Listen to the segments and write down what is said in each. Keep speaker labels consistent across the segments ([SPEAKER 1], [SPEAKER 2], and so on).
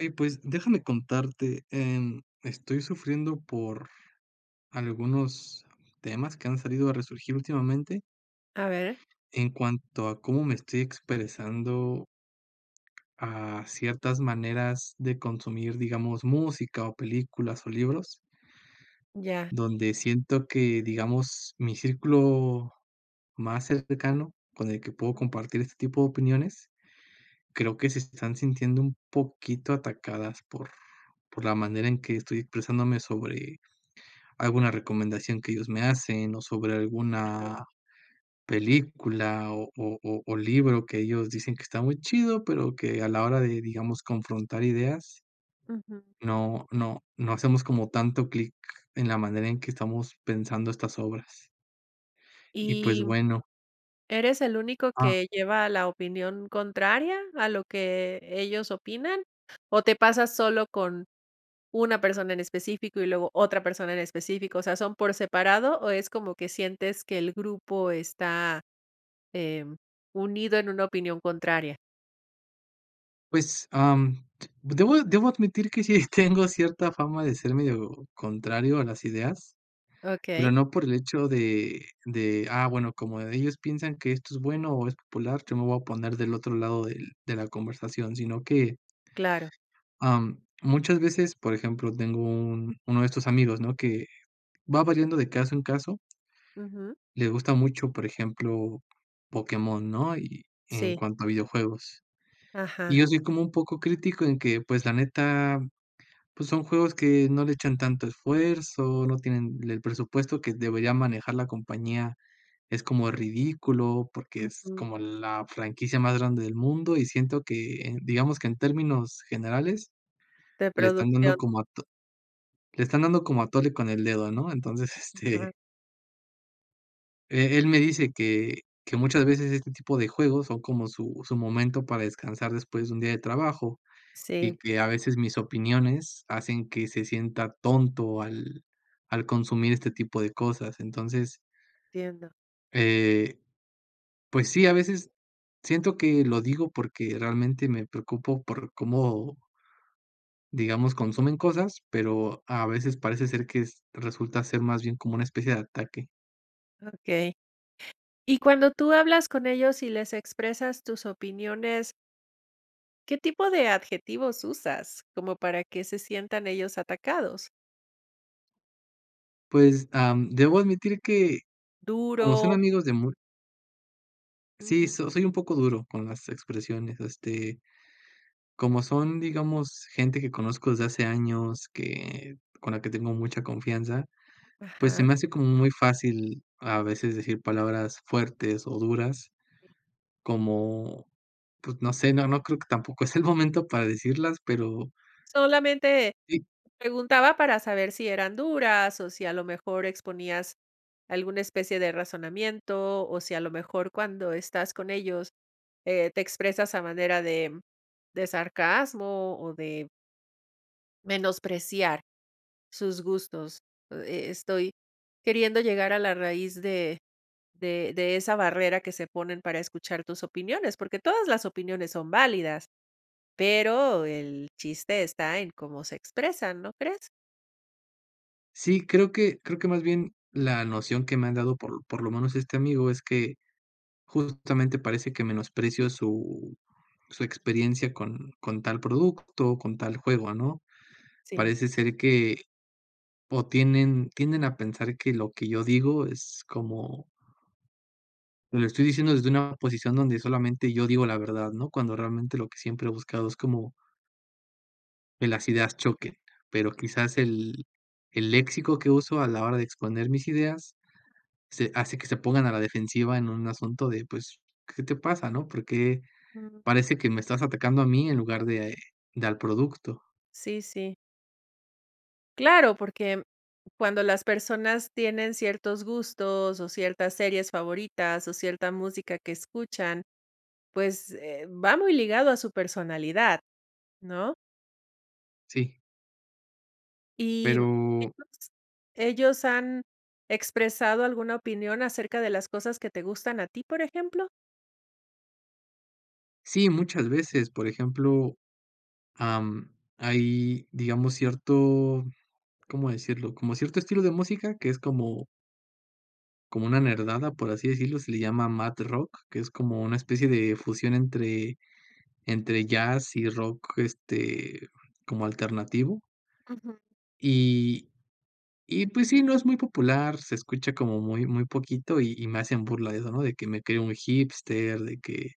[SPEAKER 1] Oye, pues, déjame contarte, em, estoy sufriendo por algunos temas que han salido a resurgir últimamente
[SPEAKER 2] A ver.
[SPEAKER 1] en cuanto a cómo me estoy expresando a ciertas maneras de consumir, digamos, música o películas o libros
[SPEAKER 2] Ya.
[SPEAKER 1] donde siento que, digamos, mi círculo más cercano con el que puedo
[SPEAKER 2] Mm.
[SPEAKER 1] compartir este tipo de opiniones, creo que se están sintiendo un poquito atacadas por por la manera en que estoy expresándome sobre alguna recomendación que ellos me hacen, o sobre
[SPEAKER 2] Ujú.
[SPEAKER 1] alguna película o o o libro que ellos dicen que está muy chido, pero que a la hora de, digamos, confrontar ideas,
[SPEAKER 2] Ujú.
[SPEAKER 1] no no no hacemos como tanto clic en la manera en que estamos pensando estas obras. Y, pues,
[SPEAKER 2] ¿Y
[SPEAKER 1] bueno.
[SPEAKER 2] eres el único
[SPEAKER 1] Ah.
[SPEAKER 2] que lleva la opinión contraria a lo que ellos opinan? ¿O te pasas solo con una persona en específico, y luego otra persona en específico? O sea, ¿son por separado, o es como que sientes que el grupo está, em, unido en una opinión contraria?
[SPEAKER 1] Pues, am, debo debo admitir que sí tengo cierta fama de ser medio contrario a las ideas, pero
[SPEAKER 2] Okey.
[SPEAKER 1] no por el hecho de de, ah, bueno, como de ellos piensan que esto es bueno, o es popular, yo me voy a poner del otro lado del de la conversación, sino que
[SPEAKER 2] Claro.
[SPEAKER 1] am, muchas veces, por ejemplo, tengo un uno de estos amigos, ¿no?, que va variando de caso en caso
[SPEAKER 2] Ujú.
[SPEAKER 1] le gusta mucho, por ejemplo, Pokémon, ¿no?, y en
[SPEAKER 2] Sí.
[SPEAKER 1] cuanto a videojuegos. Y
[SPEAKER 2] Ajá.
[SPEAKER 1] yo soy como un poco crítico en que, pues, la neta, pues, son juegos que no le echan tanto esfuerzo, no tienen el presupuesto que debería manejar la compañía, es como ridículo, porque es
[SPEAKER 2] Ujú.
[SPEAKER 1] como la franquicia más grande del mundo, y siento que, digamos, que en términos generales,
[SPEAKER 2] De
[SPEAKER 1] le están dando
[SPEAKER 2] producción.
[SPEAKER 1] como ato le están dando como atole con el dedo, ¿no? Entonces, este
[SPEAKER 2] Ajá.
[SPEAKER 1] eh, él me dice que que muchas veces este tipo de juegos son como su su momento para descansar después de un día de trabajo, y
[SPEAKER 2] Sí.
[SPEAKER 1] que a veces mis opiniones hacen que se sienta tonto al al consumir este tipo de cosas, entonces
[SPEAKER 2] Entiendo.
[SPEAKER 1] eh, pues sí, a veces, siento que lo digo porque realmente, me preocupo por cómo digamos consumen cosas, pero, a veces parece ser que es resulta ser más bien como una especie de ataque.
[SPEAKER 2] Okey. Y cuando tú hablas con ellos y les expresas tus opiniones ¿qué tipo de adjetivos usas cómo para que se sientan ellos atacados?
[SPEAKER 1] Pues, am, debo admitir que como son
[SPEAKER 2] Duro.
[SPEAKER 1] amigos de mu Sí,
[SPEAKER 2] Ujú.
[SPEAKER 1] so soy un poco duro con las expresiones, este, como son, digamos, gente que conozco desde hace años que, con la que tengo mucha confianza, pues, se
[SPEAKER 2] Ajá.
[SPEAKER 1] me hace como muy fácil a veces decir palabras fuertes o duras,
[SPEAKER 2] Eh.
[SPEAKER 1] como, pues, no sé, no no creo que tampoco es el momento para decirlas pero
[SPEAKER 2] Solamente
[SPEAKER 1] Sí.
[SPEAKER 2] preguntaba para saber si eran duras, o si a lo mejor exponías alguna especie de razonamiento, o si a lo mejor cuando estás con ellos, eh, te expresas a manera de de sarcasmo o de menospreciar sus gustos. E e estoy queriendo llegar a la raíz de de de esa barrera que se ponen para escuchar tus opiniones, porque todas las opiniones son válidas, pero el chiste está en cómo se expresan, ¿no crees?
[SPEAKER 1] Sí, creo que creo que más bien la noción que me han dado por por lo menos este amigo es que justamente parece que menosprecio su su experiencia con con tal producto, con tal juego, ¿no?
[SPEAKER 2] Sí.
[SPEAKER 1] Parece ser que, o tienen tienden a pensar que lo que yo digo es como te lo estoy diciendo desde una posición donde solamente yo digo la verdad, ¿no? Cuando realmente lo que siempre he buscado es como que las ideas choquen, pero quizás el el léxico que uso a la hora de exponer mis ideas, se hace que se pongan a la defensiva en un asunto de, pues, ¿qué te pasa, no? ¿Por qué
[SPEAKER 2] Mm.
[SPEAKER 1] parece que me estás atacando a mí en lugar de de al producto?
[SPEAKER 2] Sí, sí. Claro, porque cuando las personas tienen ciertos gustos, o ciertas series favoritas o cierta música que escuchan, pues, eh, va muy ligado a su personalidad, ¿no?
[SPEAKER 1] Sí.
[SPEAKER 2] Y,
[SPEAKER 1] Pero
[SPEAKER 2] ¿ellos ellos han expresado alguna opinión acerca de las cosas que te gustan a ti, por ejemplo?
[SPEAKER 1] Sí, muchas veces, por ejemplo, am, hay, digamos, cierto ¿cómo decirlo? Como cierto estilo de música que es como como una nerdada, por así decirlo, se le llama mad rock, que es como una especie de fusión entre entre jazz y rock, este, como alternativo.
[SPEAKER 2] Ujú.
[SPEAKER 1] Y y pues sí, no es muy popular, se escucha como muy muy poquito y y me hacen burla de eso, ¿no? De que me creo un hipster, de que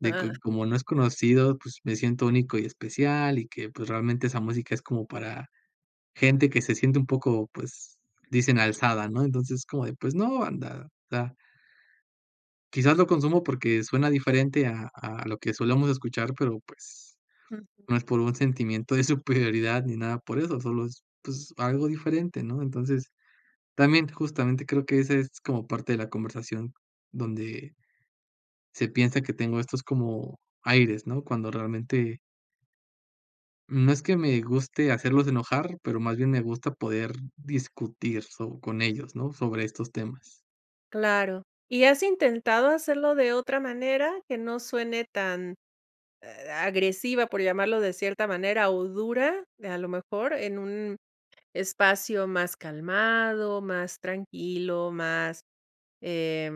[SPEAKER 1] de que como no es conocido, pues me siento único y especial y que, pues, realmente esa música es como para gente que se siente un poco pues dicen: "Alzada", ¿no? Entonces es como de, pues no banda da Quizás lo consumo porque suena diferente a a lo que solemos escuchar, pero pues,
[SPEAKER 2] Ujú.
[SPEAKER 1] no es por un sentimiento de superioridad ni nada por eso solo es pues, algo diferente, ¿no? Entonces, también, justamente, creo que ese es como parte de la conversación donde, se piensa que tengo estos como aires, ¿no? Cuando realmente no es que me guste hacerlos enojar, pero más bien me gusta poder discutir so con ellos, ¿no? Sobre estos temas.
[SPEAKER 2] Claro. ¿Y has intentado hacerlo de otra manera que no suene tan, ah, agresiva, por llamarlo de cierta manera, o dura? De a lo mejor en un espacio más calmado, más tranquilo, más, eh,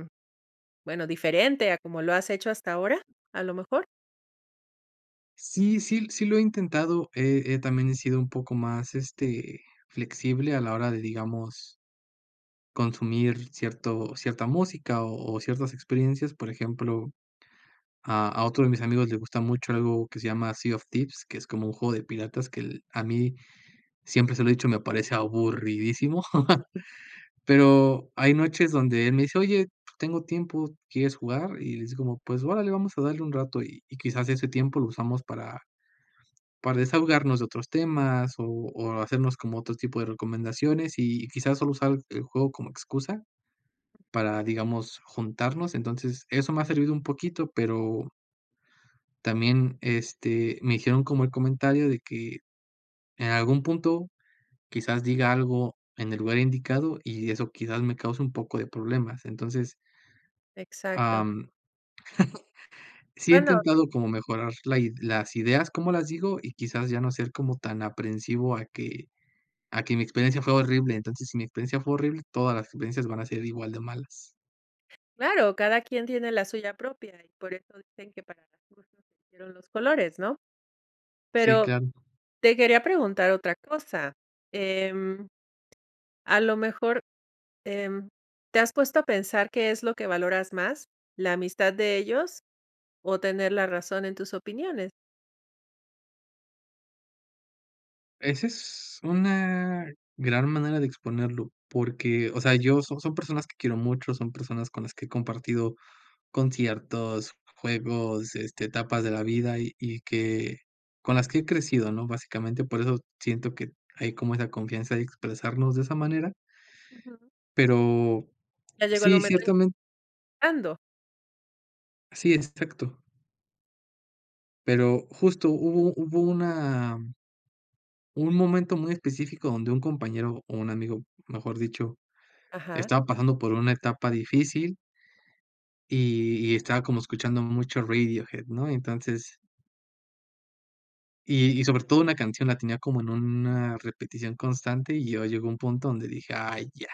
[SPEAKER 2] bueno, diferente a como lo has hecho hasta ahora. A lo mejor.
[SPEAKER 1] Sí, sí, sí lo he intentado, eh eh, también he sido un poco más, este, flexible a la hora de, digamos consumir cierto cierta música, o o ciertas experiencias. Por ejemplo, a a otro de mis amigos le gusta mucho algo que se llama Sea of Thieves, que es como un juego de piratas que el a mí siempre se lo he dicho, me parece aburridísimo, pero hay noches donde él me dice: "Oye, tengo tiempo, ¿quieres jugar?" Y les digo como: "Pues órale, vamos a darle un rato" y y quizás ese tiempo lo usamos para para desahogarnos de otros temas o o hacernos como otro tipo de recomendaciones, y quizás solo usar el juego como excusa para, digamos, juntarnos. Entonces, eso me ha servido un poquito, pero también este, me hicieron como el comentario de que en algún punto quizás diga algo en el lugar indicado, y eso quizás me cause un poco de problemas. Entonces
[SPEAKER 2] Exacto.
[SPEAKER 1] am, sí he
[SPEAKER 2] Bueno.
[SPEAKER 1] intentado como mejorar la ide las ideas, ¿cómo las digo? Y quizás ya no ser como tan aprensivo a que a que mi experiencia fue horrible. Entonces, si mi experiencia fue horrible, todas las experiencias van a ser igual de malas.
[SPEAKER 2] Claro, cada quien tiene la suya propia, y por eso dicen que para gustos se hicieron los colores, ¿no?
[SPEAKER 1] Sí,
[SPEAKER 2] Pero
[SPEAKER 1] claro.
[SPEAKER 2] te quería preguntar otra cosa, em, a lo mejor, em, ¿te has puesto a pensar qué es lo que valoras más?, ¿la amistad de ellos? O, ¿tener la razón en tus opiniones?
[SPEAKER 1] Ese es una gran manera de exponerlo porque, o sea, yo, son son personas que quiero mucho, son personas con las que he compartido conciertos, juegos, este, etapas de la vida, y y que con las que he crecido, ¿no? Básicamente, por eso siento que hay como esa confianza de expresarnos de esa manera.
[SPEAKER 2] Ujú.
[SPEAKER 1] Pero
[SPEAKER 2] Ya llegó el
[SPEAKER 1] sí,
[SPEAKER 2] momento en que
[SPEAKER 1] ciertamen
[SPEAKER 2] Ando.
[SPEAKER 1] Sí, exacto. Pero justo hubo hubo una un momento muy específico donde un compañero o un amigo, mejor dicho,
[SPEAKER 2] Ajá.
[SPEAKER 1] estaba pasando por una etapa difícil y y estaba como escuchando mucho Radiohead, ¿no? Y entonces y y sobre todo una canción la tenía como en una repetición constante, y yo llego un punto donde dije: "Ay ya,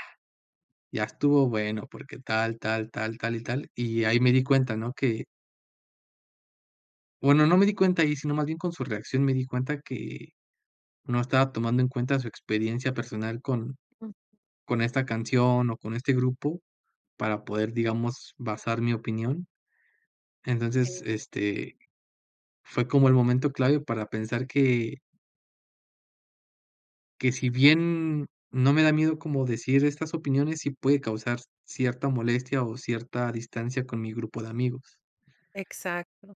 [SPEAKER 1] ya estuvo bueno, porque tal, tal, tal, tal, y tal", y ahí me di cuenta, ¿no?, que bueno, no me di cuenta ahí, sino más bien con su reacción, me di cuenta que no estaba tomando en cuenta su experiencia personal con
[SPEAKER 2] Ujú.
[SPEAKER 1] con esta canción o con este grupo para poder, digamos, basar mi opinión. Entonces,
[SPEAKER 2] Sí.
[SPEAKER 1] este, fue como el momento clave, para pensar que que si bien, no me da miedo como decir estas opiniones, sí puede causar cierta molestia o cierta distancia con mi grupo de amigos.
[SPEAKER 2] Exacto.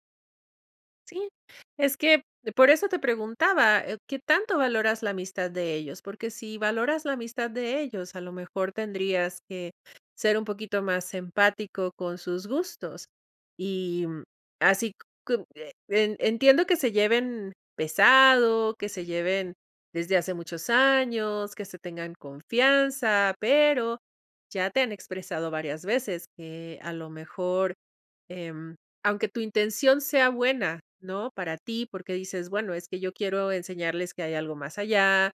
[SPEAKER 2] Sí, es que por eso te preguntaba, eh, qué tanto valoras la amistad de ellos, porque si valoras la amistad de ellos, a lo mejor tendrías que ser un poquito más empático con sus gustos. Y, mm, así, c cu eh, en entiendo que se lleven pesado, que se lleven desde hace muchos años, que se tengan confianza, pero ya te han expresado varias veces que a lo mejor, em, aunque tu intención sea buena, ¿no?, para ti, porque dices, bueno, es que yo quiero enseñarles que hay algo más allá,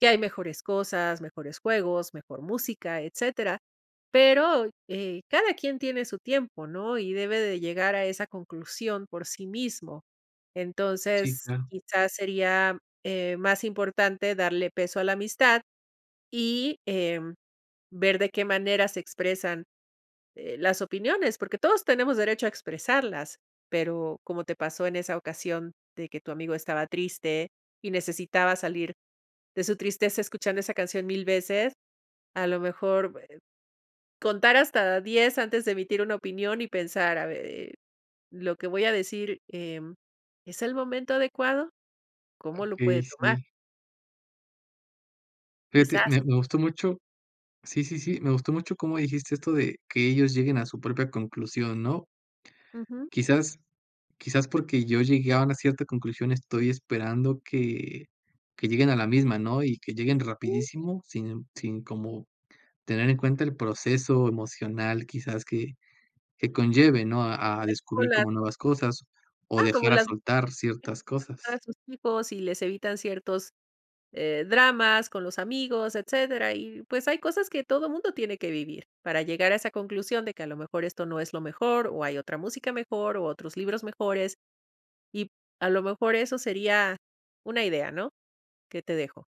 [SPEAKER 2] que hay mejores cosas, mejores juegos, mejor música, etcétera, pero, eh, cada quien tiene su tiempo, ¿no? Y debe de llegar a esa conclusión por sí mismo.
[SPEAKER 1] Sí.
[SPEAKER 2] Entonces
[SPEAKER 1] Claro.
[SPEAKER 2] quizás sería, eh, más importante darle peso a la amistad y, em, ver de qué manera se expresan, eh, las opiniones, porque todos tenemos derecho a expresarlas, pero como te pasó en esa ocasión de que tu amigo estaba triste, y necesitaba salir de su tristeza escuchando esa canción 1000 veces, a lo mejor, eh, contar hasta 10 antes de emitir una opinión y pensar, a ver, eh, lo que voy a decir, em, ¿es el momento adecuado?, ¿cómo lo
[SPEAKER 1] Okey,
[SPEAKER 2] puede tomar?
[SPEAKER 1] sí. Fíjate,
[SPEAKER 2] Quizás
[SPEAKER 1] me me gustó mucho. Sí, sí, sí, me gustó mucho como dijiste esto de que ellos lleguen a su propia conclusión, ¿no?
[SPEAKER 2] Ujú.
[SPEAKER 1] Quizás quizás, porque yo llegué a una cierta conclusión, estoy esperando que que lleguen a la misma, ¿no? Y que lleguen
[SPEAKER 2] [unintelligible]
[SPEAKER 1] rapidísimo sin sin como tener en cuenta el proceso emocional, quizás que que conlleve, ¿no? A a descubrir
[SPEAKER 2] [unintelligible]
[SPEAKER 1] como nuevas cosas, o
[SPEAKER 2] Ah, como
[SPEAKER 1] dejar a
[SPEAKER 2] las
[SPEAKER 1] soltar ciertas
[SPEAKER 2] [unintelligible] a
[SPEAKER 1] cosas.
[SPEAKER 2] sus hijos, y les evitan ciertos, eh, dramas con los amigos, etcétera. Y, pues, hay cosas que todo mundo tiene que vivir. Para llegar a esa conclusión de que a lo mejor esto no es lo mejor, o hay otra música mejor, u otros libros mejores, y a lo mejor eso sería una idea, ¿no? Que te dejo.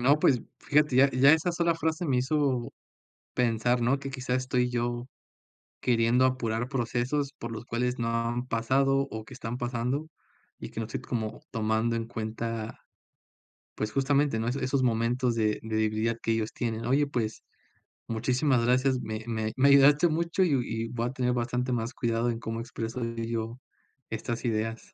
[SPEAKER 1] No, pues, fíjate ya ya esa sola frase me hizo pensar, ¿no? Que, quizás, estoy yo queriendo apurar procesos por los cuales no han pasado, o que están pasando, y que no estoy como tomando en cuenta, pues, justamente, ¿no? Eso esos momentos de de debilidad que ellos tienen. Oye, pues, muchísimas gracias, me me me ayudaste mucho, y y voy a tener bastante más cuidado en cómo expreso yo estas ideas.